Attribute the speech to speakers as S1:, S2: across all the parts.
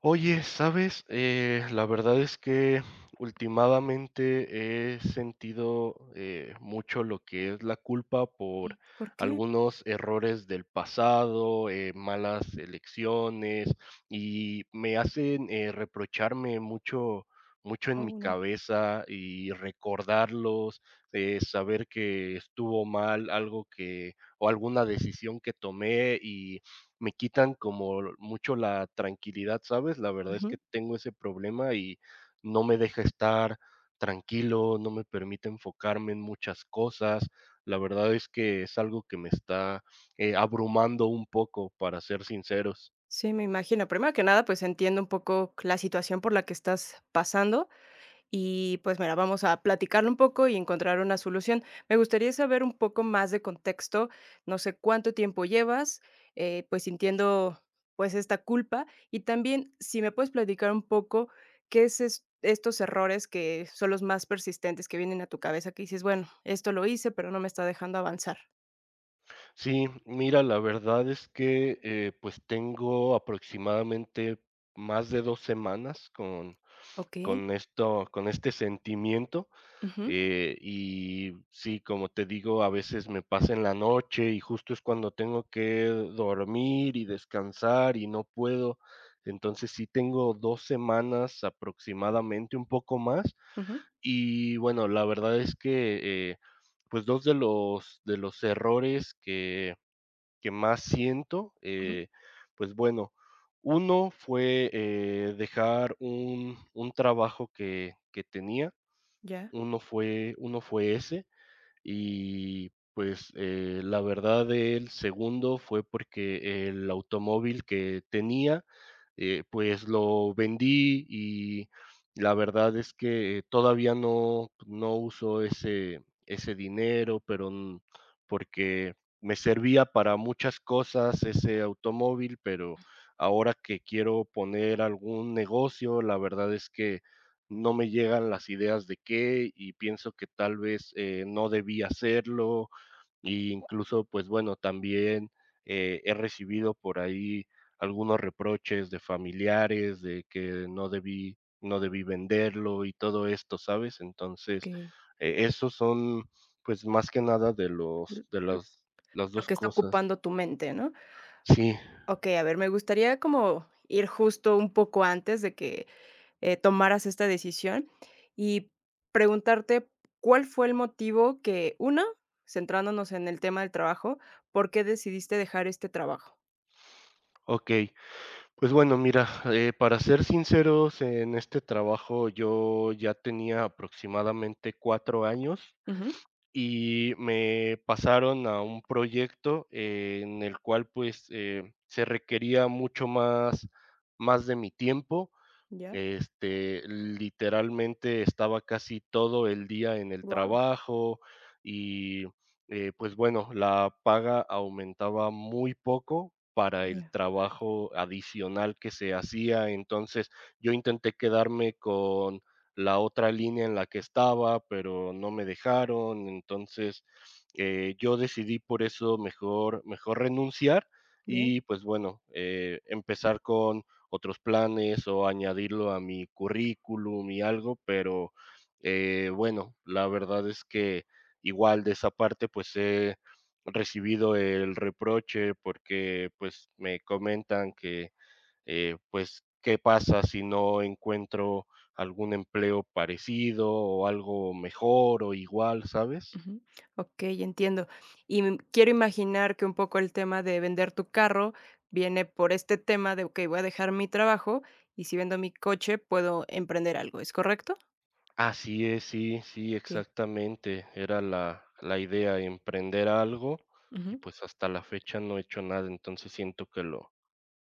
S1: Oye, ¿sabes?, eh, la verdad es que ultimadamente he sentido, eh, mucho lo que es la culpa por
S2: Y, ¿por qué?
S1: algunos errores del pasado, eh, malas elecciones. Y me hacen, eh, reprocharme mucho mucho en mi
S2: ¡Oh no!
S1: cabeza y recordarlos, eh, saber que estuvo mal algo, que o alguna decisión que tomé, y me quitan como mucho la tranquilidad, ¿sabes? La verdad es que
S2: Ujú.
S1: tengo ese problema, y no me deja estar tranquilo. No me permite enfocarme en muchas cosas. La verdad es que es algo que me está, eh, abrumando, un poco, para ser sinceros.
S2: Sí, me imagino. Primero que nada, pues, entiendo un poco la situación por la que estás pasando. Y pues mira, vamos a platicarlo un poco y encontrar una solución. Me gustaría saber un poco más de contexto. No sé, cuánto tiempo llevas, eh, pues, entiendo, pues esta culpa, y también si me puedes platicar un poco qué eses estos errores que son los más persistentes que vienen a tu cabeza, que dices, bueno, esto lo hice, pero no me está dejando avanzar.
S1: Sí, mira, la verdad es que, eh, pues, tengo aproximadamente más de 2 semanas con
S2: Okey.
S1: con esto con este sentimiento.
S2: Ujú.
S1: Eh, y sí, como te digo, a veces me pasa en la noche, y justo es cuando tengo que dormir, y descansar, y no puedo. Entonces sí tengo 2 semanas aproximadamente un poco más.
S2: Ujú.
S1: Y bueno, la verdad es que, eh, pues 2 de los de los errores que que más siento,
S2: Ujú.
S1: eh, pues bueno, uno fue, eh, dejar un un trabajo que que tenía,
S2: Ya.
S1: uno fue uno fue ese. Y pues, eh, la verdad, el segundo fue, porque el automóvil que tenía, eh, pues, lo vendí y la verdad es que todavía no no uso ese ese dinero, pero, porque me servía para muchas cosas ese automóvil. Pero ahora que quiero poner algún negocio, la verdad es que no me llegan las ideas de qué, y pienso que tal vez, eh, no debí hacerlo, incluso, pues bueno, también, eh, he recibido por ahí algunos reproches de familiares de que no debí no debí venderlo y todo esto, ¿sabes? Entonces
S2: Que.
S1: e esos son pues más que nada de
S2: L
S1: los de
S2: lo
S1: las las
S2: lo
S1: dos
S2: que está
S1: cosas.
S2: ocupando tu mente, ¿no?
S1: Sí.
S2: Okey, a ver, me gustaría como ir justo un poco antes de que, eh, tomaras esta decisión, y preguntarte cuál fue el motivo que una centrándonos en el tema del trabajo, ¿por qué decidiste dejar este trabajo?
S1: Okey, pues bueno, mira, eh, para ser sinceros en este trabajo, yo ya tenía aproximadamente 4 años
S2: Ujú.
S1: y me pasaron a un proyecto en el cual pues, eh, se requería mucho más más de mi tiempo.
S2: Ya.
S1: Este, literalmente estaba casi todo el día en el
S2: Guau.
S1: trabajo, y, eh, pues bueno, la paga aumentaba muy poco para el
S2: Ya.
S1: trabajo adicional que se hacía. Entonces yo intenté quedarme con la otra línea en la que estaba, pero no me dejaron entonces, eh, yo decidí por eso mejor mejor renunciar
S2: Bien.
S1: y pues bueno, eh, empezar con otros planes o añadirlo a mi currículum y algo, pero, eh, bueno, la verdad es que igual de esa parte, pues he recibido el reproche porque pues me comentan que, eh, pues, qué pasa si no encuentro algún empleo parecido o algo mejor o igual, ¿sabes?
S2: Ujú, okey, entiendo, y, mm, quiero imaginar que un poco el tema de vender tu carro viene por este tema de: "Okey, voy a dejar mi trabajo y si vendo mi coche, puedo emprender algo", ¿es correcto?
S1: Así es. Sí, sí,
S2: Okey.
S1: exactamente. Era la la idea emprender algo. Y
S2: Ujú.
S1: pues, hasta la fecha no he hecho nada. Entonces siento que lo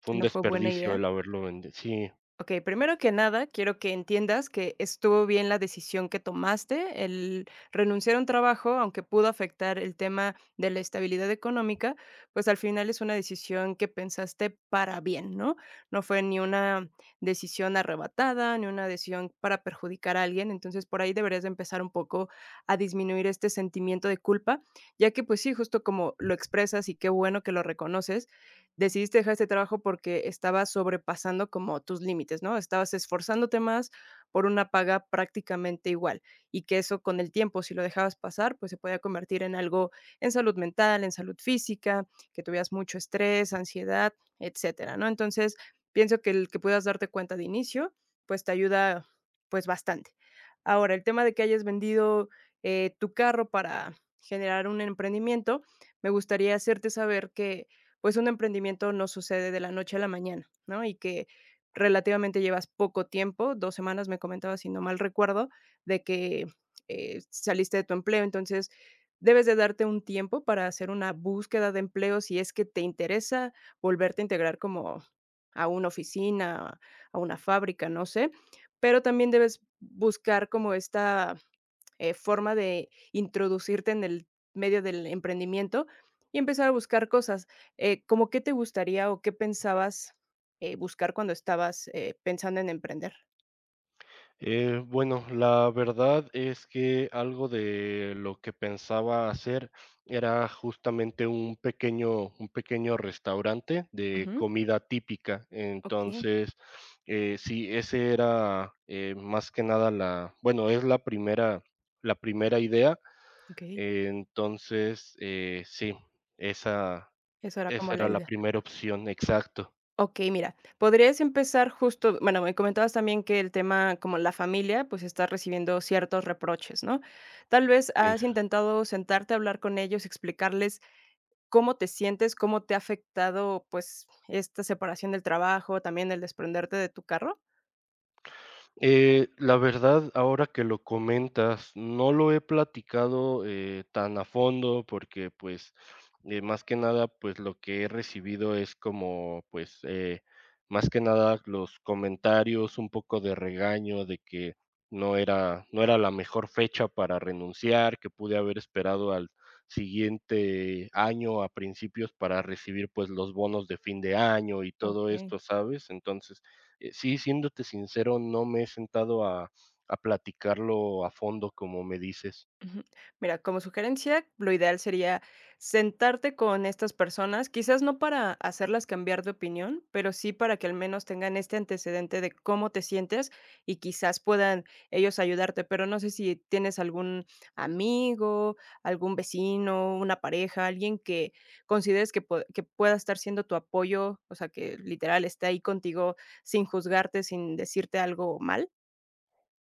S1: fue
S2: Que
S1: un
S2: no fue buena
S1: desperdicio
S2: idea.
S1: el haberlo vende Sí.
S2: Okey, primero que nada, quiero que entiendas que estuvo bien la decisión que tomaste, el renunciar a un trabajo, aunque pudo afectar el tema de la estabilidad económica. Pues, al final es una decisión que pensaste para bien, ¿no? No fue ni una decisión arrebatada, ni una decisión para perjudicar a alguien. Entonces, por ahí deberías empezar un poco a disminuir este sentimiento de culpa, ya que pues sí, justo como lo expresas, y qué bueno que lo reconoces, decidiste dejar este trabajo, porque estabas sobrepasando como tus límites, ¿no? Estabas esforzándote más por una paga prácticamente igual, y que eso con el tiempo, si lo dejabas pasar, pues, se podía convertir en algo de salud mental, en salud física, que tuvieras mucho estrés, ansiedad, etcétera, ¿no? Entonces, pienso que el que puedas darte cuenta de inicio, pues, te ayuda, pues, bastante. Ahora el tema de que hayas vendido, eh, tu carro para generar un emprendimiento. Me gustaría hacerte saber que pues un emprendimiento no sucede de la noche a la mañana, ¿no?, y que relativamente llevas poco tiempo. Dos semanas me comentabas, si no mal recuerdo, de que, eh, saliste de tu empleo, entonces, debes de darte un tiempo para hacer una búsqueda de empleo. Si es que te interesa volverte a integrar como a una oficina, a una fábrica. No sé, pero también debes buscar como esta, eh, forma de introducirte en el medio del emprendimiento y empezar a buscar cosas. Eh, como, ¿qué te gustaría o qué pensabas, eh, buscar cuando estabas, eh, pensando en emprender?
S1: Eh, bueno, la verdad es que algo de lo que pensaba hacer, era justamente un pequeño, un pequeño restaurante de
S2: Ujú.
S1: comida típica.
S2: Okey.
S1: Entonces, eh, sí, ese era, eh, más que nada la bueno, es la primera, la primera idea.
S2: Okey.
S1: Entonces, eh, sí, esa,
S2: Eso era como
S1: esa
S2: la
S1: era la
S2: idea.
S1: primera opción. Exacto.
S2: Okey, mira, podrías empezar justo Bueno, me comentabas también que el tema, como la familia, pues está recibiendo ciertos reproches, ¿no? Tal vez, ¿has
S1: Exacto.
S2: intentado sentarte a hablar con ellos y explicarles cómo te sientes, cómo te ha afectado, pues esta separación del trabajo también el desprenderte de tu carro?
S1: Eh, la verdad, ahora que lo comentas, no lo he platicado, eh, tan a fondo porque pues, eh, más que nada, pues lo que he recibido es como pues, eh, más que nada los comentarios, un poco de regaño de que no era no era la mejor fecha para renunciar, que pude haber esperado al siguiente año a principios para recibir pues los bonos de fin de año y todo
S2: Okey.
S1: esto, ¿sabes? Entonces, eh, sí, siéndote sincero, no me he sentado a, a platicarlo a fondo, como me dices.
S2: Ujú. Mira, como sugerencia, lo ideal sería sentarte con estas personas. Quizás no para hacerlas cambiar de opinión, pero sí para que al menos tengan este antecedente de cómo te sientes y quizás puedan ellos ayudarte. Pero, ¿no sé si tienes algún amigo, algún vecino, una pareja, alguien que consideres que pue que pueda estar siendo tu apoyo? ¿O sea que literal esté ahí contigo sin juzgarte, sin decirte algo mal?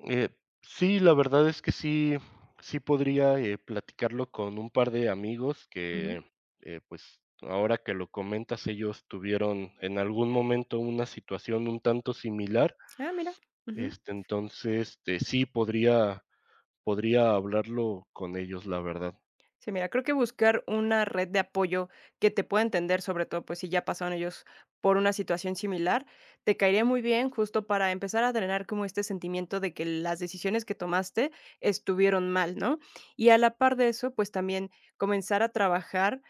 S1: Eh, sí, la verdad es que sí, sí podría, eh, platicarlo con un par de amigos
S2: Ujú.
S1: que, eh, pues, ahora que lo comentas, ellos tuvieron en algún momento una situación un tanto similar.
S2: Ah, mira, ujú.
S1: Este, entonces te sí podría podría hablarlo con ellos, la verdad.
S2: Sí, mira, creo que buscar una red de apoyo que te pueda entender, sobre todo, pues, si ya pasaron ellos por una situación similar, te caería muy bien justo para empezar a drenar como este sentimiento de que las decisiones que tomaste estuvieron mal, ¿no? Y a la parte de eso, pues, también comenzar a trabajar,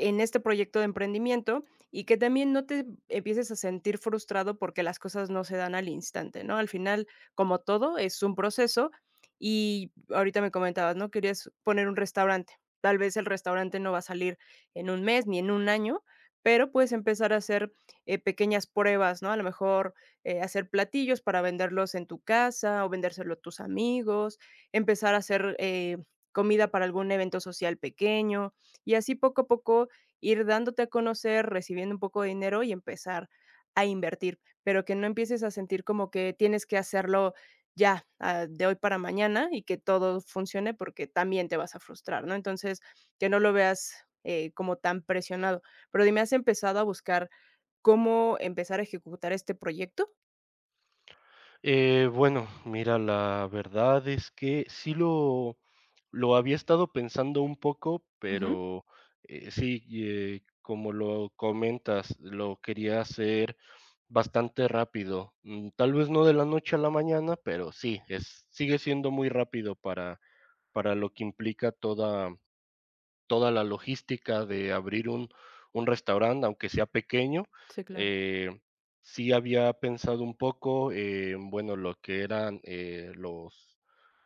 S2: en este proyecto de emprendimiento, y que también no te empieces a sentir frustrado, porque las cosas no se dan al instante, ¿no? Al final, como todo, es un proceso y ahorita me comentabas, ¿no?, querías poner un restaurante. Tal vez, el restaurante no va a salir en 1 mes ni, en 1 año, pero puedes empezar a hacer, eh, pequeñas pruebas, ¿no? A lo mejor, eh, hacer platillos para venderlos en tu casa o vendérselo a tus amigos, empezar a hacer, eh, comida para algún evento social pequeño. Y así poco a poco ir dándote a conocer recibiendo un poco de dinero, y empezar a invertir, pero que no empieces a sentir como que tienes que hacerlo ya, ah, de hoy para mañana, y que todo funcione, porque también te vas a frustrar, ¿no? Entonces, que no lo veas, eh, como tan presionado. Pero dime, ¿has empezado a buscar, cómo empezar a ejecutar este proyecto?
S1: Eh, bueno, mira, la verdad es que sí lo, lo había estado pensando un poco,
S2: Ujú.
S1: pero, eh, sí, eh, como lo comentas, lo quería hacer bastante rápido, mm, tal vez no de la noche a la mañana, pero sí, es sigue siendo muy rápido para, para lo que implica toda, mm, toda la logística de abrir un, un restaurante, aunque sea pequeño,
S2: Sí, claro.
S1: eh, sí había pensado un poco, eh bueno, lo que eran, eh, los,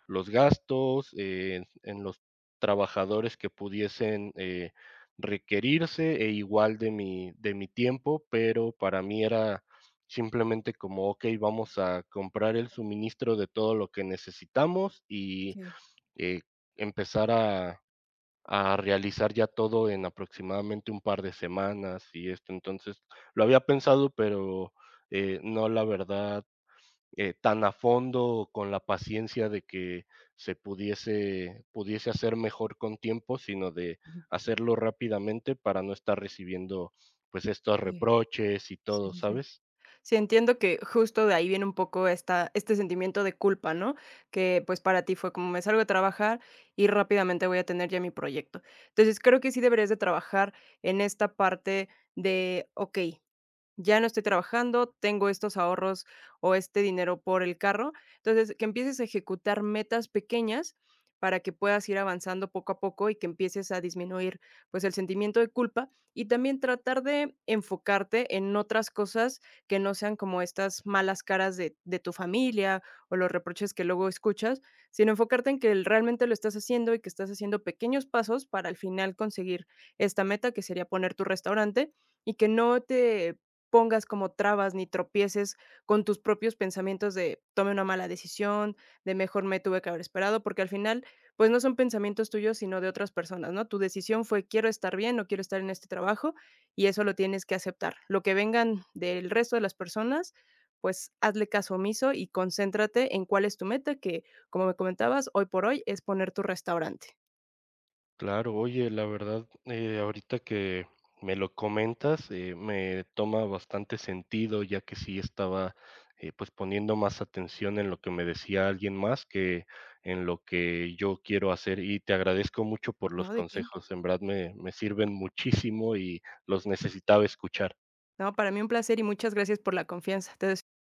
S1: los gastos, eh, en los trabajadores que pudiesen, eh, requerirse, e igual de mi de mi tiempo, pero para mí era simplemente como okey, vamos a comprar el suministro de todo lo que necesitamos y,
S2: Sí.
S1: eh, empezar a, a realizar ya todo en aproximadamente un par de semanas, y esto entonces lo había pensado, pero, eh, no la verdad, eh, tan a fondo, o con la paciencia de que se pudiese, pudiese hacer mejor con tiempo, sino de
S2: Ujú.
S1: hacerlo rápidamente para no estar recibiendo, pues estos
S2: [unintelligible]
S1: reproches y
S2: Sí,
S1: todo,
S2: sí, sí.
S1: ¿sabes?
S2: Sí, entiendo que justo de ahí viene un poco esta este sentimiento de culpa, ¿no?, que pues para ti fue como: "Me salgo de trabajar y rápidamente voy a tener ya mi proyecto". Entonces creo que sí deberías de trabajar en esta parte de okey: "Ya no estoy trabajando. Tengo estos ahorros o este dinero por el carro". Entonces que empieces a ejecutar metas pequeñas para que puedas ir avanzando poco a poco y que empieces a disminuir, pues el sentimiento de culpa y también tratar de enfocarte en otras cosas que no sean como estas malas caras de de tu familia o los reproches que luego escuchas, sino enfocarte en que el realmente lo estás haciendo y que estás haciendo pequeños pasos para al final conseguir esta meta, que sería poner tu restaurante y que no te pongas como trabas ni tropieces con tus propios pensamientos de: "Tomé una mala decisión". De: "Mejor me tuve que haber esperado". Porque al final, pues no son pensamientos tuyos, sino de otras personas, ¿no? Tu decisión fue: "Quiero estar bien, no quiero estar en este trabajo y eso lo tienes que aceptar". Lo que vengan del resto de las personas, pues hazle caso omiso y concéntrate en cuál es tu meta que, como me comentabas, hoy por hoy es poner tu restaurante.
S1: Claro. Oye, la verdad, eh, ahorita que me lo comentas, eh, me toma bastante sentido, ya que sí estaba, eh, pues poniendo más atención en lo que me decía alguien más que en lo que yo quiero hacer y te agradezco mucho por los
S2: No. ¿De qué?
S1: consejos, en verdad me, me sirven muchísimo y los necesitaba escuchar.
S2: No, para mí un placer y muchas gracias por la confianza. Te deseo